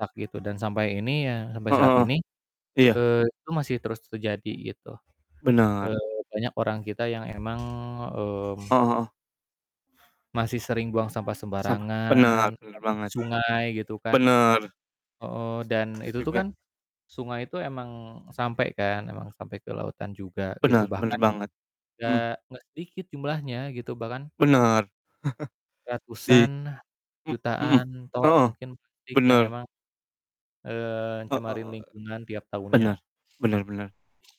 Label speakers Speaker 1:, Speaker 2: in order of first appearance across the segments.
Speaker 1: Ak gitu dan sampai ini ya sampai
Speaker 2: Heeh
Speaker 1: saat
Speaker 2: heeh,
Speaker 1: ini,
Speaker 2: iya.
Speaker 1: eee, itu masih terus terjadi gitu. Eee,
Speaker 2: Benar.
Speaker 1: banyak orang kita yang emang, eee
Speaker 2: Heeh heeh.
Speaker 1: masih sering buang sampah
Speaker 2: Sampah. Benar,
Speaker 1: sembarangan,
Speaker 2: bener
Speaker 1: apalagi ke
Speaker 2: banget.
Speaker 1: sungai gitu kan.
Speaker 2: Bener.
Speaker 1: Heeh, dan
Speaker 2: Terus terus
Speaker 1: itu tuh
Speaker 2: juga
Speaker 1: kan sungai itu emang sampe kan, emang sampe ke lautan juga gitu
Speaker 2: Bener,
Speaker 1: bahkan
Speaker 2: bener banget. Hmm.
Speaker 1: nggak nggak sedikit jumlahnya gitu bahkan
Speaker 2: Bener. Di
Speaker 1: ratusan,
Speaker 2: mmm, hmm,
Speaker 1: jutaan, ton
Speaker 2: heeh,
Speaker 1: mungkin plastik yang
Speaker 2: bener.
Speaker 1: emang, eee,
Speaker 2: E e
Speaker 1: cemarin
Speaker 2: eee,
Speaker 1: lingkungan tiap
Speaker 2: bener
Speaker 1: tahunnya.
Speaker 2: bener bener.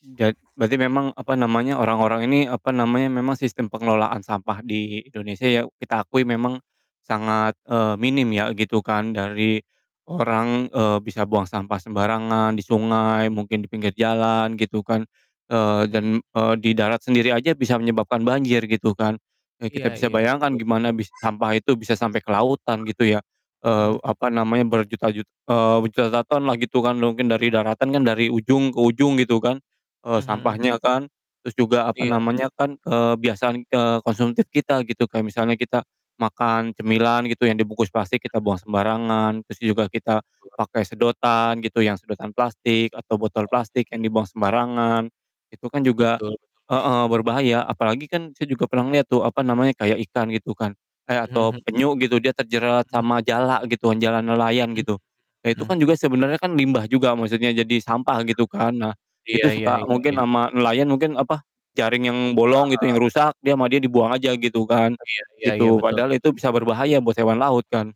Speaker 2: Ja berarti memang, apa namanya, orang-orang ini, apa namanya, memang sistem pengelolaan sampah di Indonesia ya kita akui memang sangat, eee, minim ya gitu kan dari orang, eee, bisa buang sampah sembarangan di sungai mungkin di pinggir jalan gitu kan, eee,
Speaker 1: Hmm.
Speaker 2: dan, eee, di darat sendiri aja bisa menyebabkan banjir gitu kan. Eee, kita
Speaker 1: Iya
Speaker 2: bisa
Speaker 1: iya.
Speaker 2: bayangkan
Speaker 1: Betul betul.
Speaker 2: gimana bis sampah itu bisa sampai ke lautan gitu ya, eee,
Speaker 1: Hmm.
Speaker 2: apa namanya berjuta-jut eee, berjuta-juta ton lah gitu kan mungkin dari daratan kan dari ujung ke ujung gitu kan, eee,
Speaker 1: Mmm, mhm.
Speaker 2: sampahnya kan. Terus juga apa
Speaker 1: Iya.
Speaker 2: namanya kan, kebiasaan, eee, konsumtif kita gitu kayak misalnya kita makan cemilan gitu yang dibungkus plastik kita buang sembarangan, terus juga kita
Speaker 1: [unintelligible]
Speaker 2: pakai sedotan gitu yang sedotan plastik atau botol
Speaker 1: Oh.
Speaker 2: plastik yang dibuang sembarangan, itu kan juga
Speaker 1: Betul
Speaker 2: heeh,
Speaker 1: betul.
Speaker 2: berbahaya apalagi kan saya juga pernah liat tuh, apa namanya, kayak ikan gitu kan, eh
Speaker 1: Mmm,
Speaker 2: atau
Speaker 1: mhm.
Speaker 2: penyu gitu dia terjerat
Speaker 1: Mhm.
Speaker 2: sama jala gitu kan jala nelayan
Speaker 1: Mhm
Speaker 2: gitu. Nah
Speaker 1: mhm
Speaker 2: itu
Speaker 1: mhm, mmm.
Speaker 2: kan juga sebenernya kan limbah juga maksudnya jadi sampah gitu kan. Nah
Speaker 1: Iya
Speaker 2: itu
Speaker 1: iya
Speaker 2: suka
Speaker 1: iya iya.
Speaker 2: mungkin sama nelayan mungkin, apa, jaring yang
Speaker 1: Heeh
Speaker 2: bolong gitu yang
Speaker 1: heeh.
Speaker 2: rusak dia sama dia dibuang aja gitu kan,
Speaker 1: Iya iya iya,
Speaker 2: gitu
Speaker 1: betul
Speaker 2: padahal
Speaker 1: betul.
Speaker 2: itu bisa berbahaya buat hewan laut kan.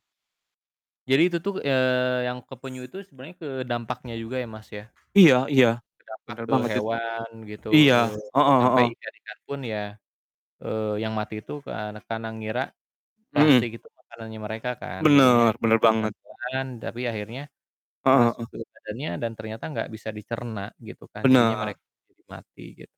Speaker 1: Jadi itu tuh, eee, yang ke penyu itu sebenernya ke dampaknya juga ya Mas ya.
Speaker 2: Iya iya,
Speaker 1: Berdampak
Speaker 2: bener
Speaker 1: ke
Speaker 2: banget itu,
Speaker 1: hewan gitu,
Speaker 2: iya,
Speaker 1: eee,
Speaker 2: heeh
Speaker 1: sampai
Speaker 2: heeh.
Speaker 1: ikan-ikanpun ya, eee, yang mati itu ke ana karena ngira
Speaker 2: Hmm.
Speaker 1: plastik itu makanannya mereka kan, jadinya
Speaker 2: Bener, bener
Speaker 1: ikan
Speaker 2: banget.
Speaker 1: telan tapi akhirnya
Speaker 2: Heeh
Speaker 1: masuk
Speaker 2: heeh.
Speaker 1: ke badannya dan ternyata nggak bisa dicerna gitu kan jadinya
Speaker 2: Bener.
Speaker 1: mereka mati gitu.